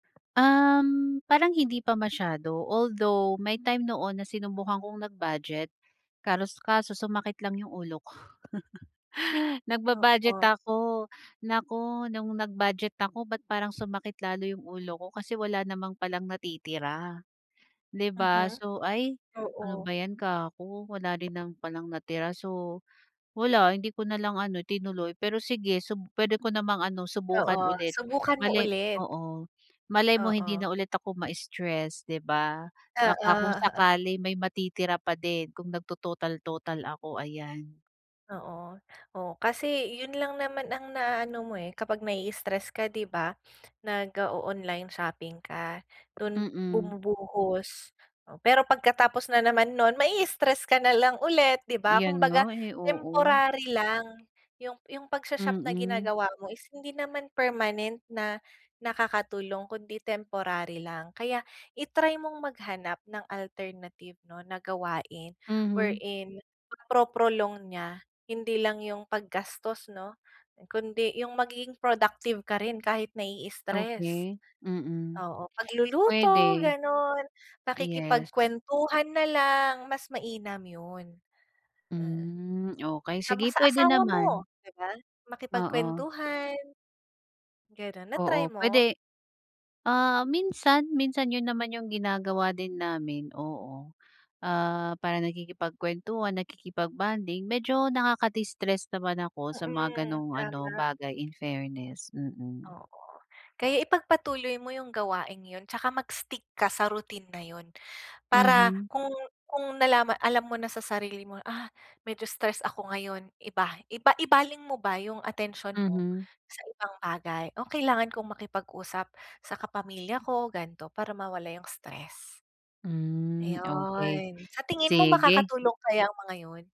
Um, parang hindi pa masyado although may time noon na sinubukan kong nag-budget, karos kaso sumakit lang yung ulo ko. Nagba-budget Oo. ako, nako nung nag-budget ako ba't parang sumakit lalo yung ulo ko kasi wala namang palang natitira. 'Di ba Mhm, so, "Ay, ano oo. ba 'yan kako wala rin naman palang natira," so, wala hindi ko na lang ano tinuloy pero sige sub puwede ko namang ano subukan Oo, ulit, subukan mo bale ulit. oo, malay mo hindi na Oo. ulit ako ma-istress 'di ba, baka kung Oo. sakali may matitira pa din kung nagtototal-total ako, ayan. Oo, oh, kasi yun lang naman ang naaano mo, eh, kapag na-i-stress ka 'di ba, nag-o-online shopping ka, dun Mm. bumubuhos, pero pagkatapos na naman nun ma-i-stress ka na lang ulit 'di ba 'Yan nga kumbaga eh, oo. temporary lang, yung yung pagsha-shop na Mm. ginagawa mo is hindi naman permanent na nakakatulong kundi temporary lang kaya i-try mong maghanap ng alternative 'no na gawain, where Mhm. in napro-prolong niya, hindi lang yung paggastos 'no, kundi yung magiging productive ka rin kahit na-i-istress Okey, mm, oo pagluluto puwede. ganun, Yes. pakikipagkwentuhan na lang, mas mainam yun. Mm. Hmm, okey Sa ma sige sa puwede asawa naman. mo 'di ba, Oo. makipagkwentuhan. Ganun, na-try Oo, mo? puwede ah, minsan, minsan yun naman yung ginagawa din namin oo, ah, parang nakikipagkwentuhan, nakikipag-bonding, medyo nakaka-distress naman ako sa mga Mm, ganong ano tama. bagay in fairness, mm. Oo, kaya ipagpatuloy mo yung gawaing yun 'tsaka mag-stick ka sa routine na yun, para Mhm. kung kung nalama alam mo na sa sarili mo, ah, medyo stress ako ngayon, iba iba ibaling mo ba yung atensyon mo Mhm. sa ibang bagay, o kailangan kong makipag-usap sa kapamilya ko gan'to para mawala yung stress. Hmm okey, Ayun, sa tingin mo sige. makakatulong kaya ang mga yun?